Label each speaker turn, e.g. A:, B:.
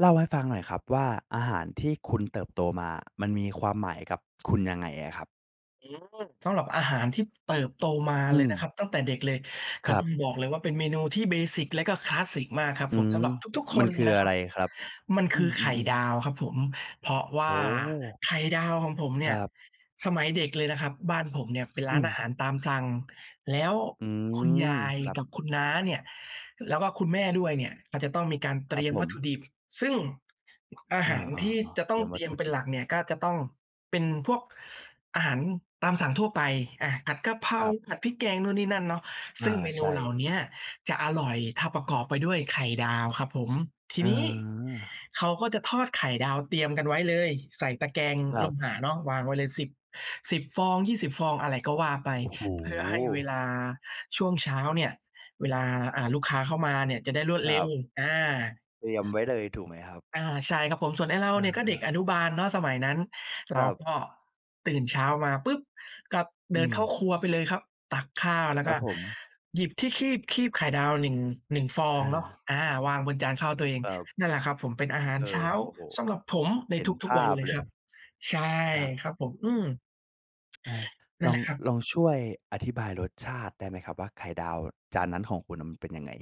A: เล่าให้ฟังหน่อยครับว่า อาหารที่คุณเติบโตมาอะ มันมีความหมายกับคุณยังไงอะครับ?
B: อืม สำหรับอาหารที่เติบโตมา
A: อื
B: เลยนะค
A: ม
B: รับ ตั้งแต่เด็กเลย
A: ค
B: ก็
A: รั
B: ต้
A: บ
B: องบอกเลยว่า เป็นเมนูที่ เบสิก และก็คลาสสิกมากครับ
A: อื
B: ผม
A: ม
B: สำหรับทุก ๆ ค
A: มัน
B: น
A: ค
B: เล
A: ือ
B: ยนะ
A: อ
B: ค
A: ะ
B: ร
A: ไ
B: ั
A: ร
B: บ
A: ครับ?
B: มัน
A: อ
B: ค
A: ื
B: ือไข่
A: ม ๆ ๆ
B: ดาวครับผม เพราะว
A: โ
B: ่
A: อ
B: า
A: ้
B: ไข่ดาวของผมเ
A: ค
B: นี่
A: ร
B: ย
A: ับ
B: สมัยเด็กเลยนะครับบ้านผมเนี่ยเป็น
A: อ
B: ร้าน
A: ื
B: อา
A: ม
B: หารตามสั่ง แล้ว
A: อื
B: คุณย
A: ม
B: าย
A: ครับ
B: กับคุณน้าเนี่ย แล้วก็คุณแม่ด้วยเนี่ยก็จะต้องมีการเ
A: ค
B: ต
A: รั
B: ร
A: บ
B: ียม
A: ผ
B: วัตถ
A: ม
B: ุดิบ ซึ่ง อือ อา
A: อ
B: ห
A: า
B: ารที่
A: ๆ
B: จะ
A: ๆ เ
B: ต
A: ต
B: ้
A: ร
B: อ
A: ี
B: ง
A: ยมว
B: เต
A: ั
B: ร
A: ต
B: ี
A: ถ
B: ยม
A: ุ
B: เป
A: ด
B: ็
A: ิ
B: น
A: บ
B: หลักเนี่ยก็จะต้องเป็นพวกอาหารตามสั่งทั่วไป อะ ผัดกะเพรา
A: ครับ
B: ผัดพริกแกงนู่นนี่นั่นเนาะ ซ
A: อ
B: ึ
A: า
B: ่งเมน
A: ใช
B: ูเหล่
A: ่
B: าเนี้ยจะอร่อย ถ้าประกอบไปด้วยไข่ดาวครับผม ที
A: อ
B: นี้
A: า
B: เขาก็จะทอดไข่ดาวเตรียมกันไว้เลย ใส่ตะแกง
A: คร
B: โล
A: ับ
B: หะเนาะ วางไว้เลย 10 10 ฟอง 20 ฟอง อะไรก็ว่าไป
A: โอ้โ
B: เพื่อให้เว
A: ฮ!
B: ลาช่วงเช้าเนี่ย เวลา อ่า ลูกค้าเข้ามาเนี่ยจะได้รวด
A: คร
B: เร็
A: ั
B: ว
A: บ
B: อา
A: เตรียมไว้เลย ถูกไหมครับ?
B: อา ใช่ครับผม ส่วนไอ้เรา
A: อ
B: เนี่ยก็เด็
A: า
B: ก
A: ๆ
B: อนุบาลเนาะสมัยนั้น เ
A: ค
B: รา
A: รับ
B: ก็ ตื่นเช้ามาปุ๊บ ก็เ
A: อ
B: ด
A: ื
B: ินเข้า
A: ม
B: ครัวไปเลยครับ ตักข้าวแล้
A: ค
B: ว
A: ร
B: ก
A: ั
B: ็
A: บผม
B: หยิบที่คีบ คีบไข่ดาว 1 1 ฟอ
A: เ
B: งเนาะ
A: ออ
B: อา วางบนจานข้าวตัวเอง
A: ครับ
B: นั่นแหละครับผมเป็นอาหาร
A: เอ
B: เช้
A: อ
B: า
A: โอ้โฮ
B: สำหรับผมใน
A: เห็น
B: ท
A: ภ
B: ุก ๆ วั
A: า
B: น
A: พ
B: เลย
A: เล
B: ค
A: ย
B: รับ ใช่
A: ครับ
B: ครับผม อืม
A: อา
B: นั
A: ล
B: ่นแ
A: อ
B: ห
A: ง
B: ละครับ
A: ลองช่วยอธิบายรสชาติได้ไหมครับ? ว่า ไข่ดาวจานนั้นของคุณอะ มันเป็นยังไง?